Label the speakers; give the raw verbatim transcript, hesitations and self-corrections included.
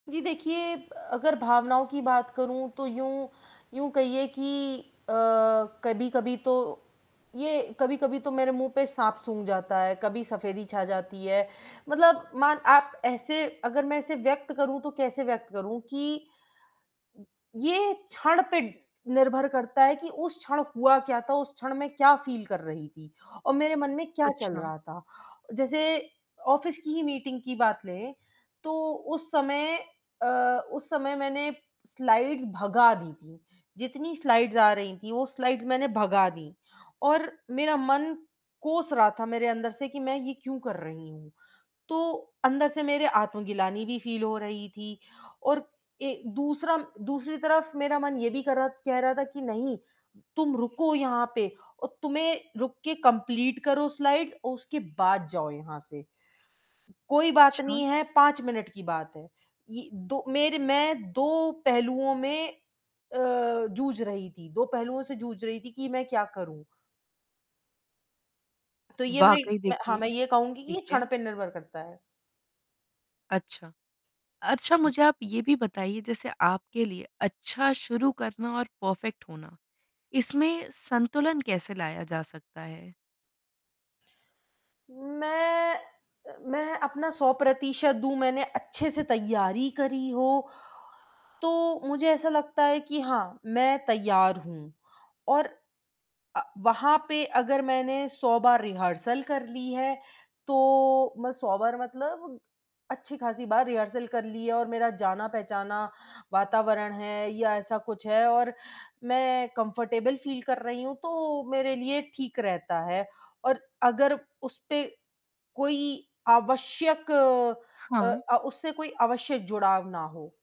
Speaker 1: जी, देखिए अगर भावनाओं की बात करूँ तो यूँ यूँ कहिए कि अ, कभी-कभी तो ये कभी-कभी तो मेरे मुँह पे साँप सूँघ जाता है, कभी सफेदी छा जाती है, मतलब मान आप ऐसे अगर मैं ऐसे व्यक्त करूँ तो कैसे व्यक्त करूँ कि ये क्षण पे निर्भर करता है कि उस क्षण हुआ क्या था, उस क्षण में क्या फील कर रही थी और मेरे मन में क्या चल
Speaker 2: अच्छा।
Speaker 1: रहा था, जैसे ऑफ़िस की ही मीटिंग की बात लें, तो उस समय अ, उस समय मैंने स्लाइड्स भगा दी थीं, जितनी स्लाइड्स आ रही थीं वो स्लाइड्स मैंने भगा दीं और मेरा मन कोस रहा था मेरे अंदर से कि मैं ये क्यों कर रही हूँ, तो अंदर से मेरे आत्मग्लानि भी फील हो रही थी और ए, दूसरा दूसरी तरफ़ मेरा मन ये भी कर रहा कह रहा था कि नहीं, तुम रुको यहाँ पे और तुम्हें रुक के कंप्लीट करो स्लाइड और उसके बाद जाओ यहाँ से। कोई बात
Speaker 2: अच्छा।
Speaker 1: नहीं है, पाँच मिनट की बात है, ये दो मेरे मैं दो पहलुओं में अ, जूझ रही थी, दो पहलुओं से जूझ रही थी कि मैं क्या करूँ? तो ये
Speaker 2: वाक़ई
Speaker 1: मैंने हाँ,
Speaker 2: देखिए
Speaker 1: मैं ये कहूँगी कि
Speaker 2: ठीक
Speaker 1: ये क्षण
Speaker 2: है।
Speaker 1: पे निर्भर करता है।
Speaker 2: अच्छा। अच्छा, मुझे आप ये भी बताइए जैसे आपके लिए अच्छा शुरू करना और परफेक्ट होना, इसमें संतुलन कैसे लाया जा सकता है?
Speaker 1: मैं मैं अपना सौ प्रतिशत दूँ, मैंने अच्छे से तैयारी करी हो, तो मुझे ऐसा लगता है कि हाँ, मैं तैयार हूँ और अ, वहाँ पे अगर मैंने सौ बार रिहर्सल कर ली है, तो मैं सौ बार मतलब अच्छी खासी बार रिहर्सल कर ली है और मेरा जाना पहचाना वातावरण है या ऐसा कुछ है और मैं कंफर्टेबल फील कर रही हूँ, तो मेरे लिए ठीक रहता है और अगर उस पे कोई आवश्यक अ
Speaker 2: हाँ।
Speaker 1: अ, उससे कोई आवश्यक जुड़ाव ना हो।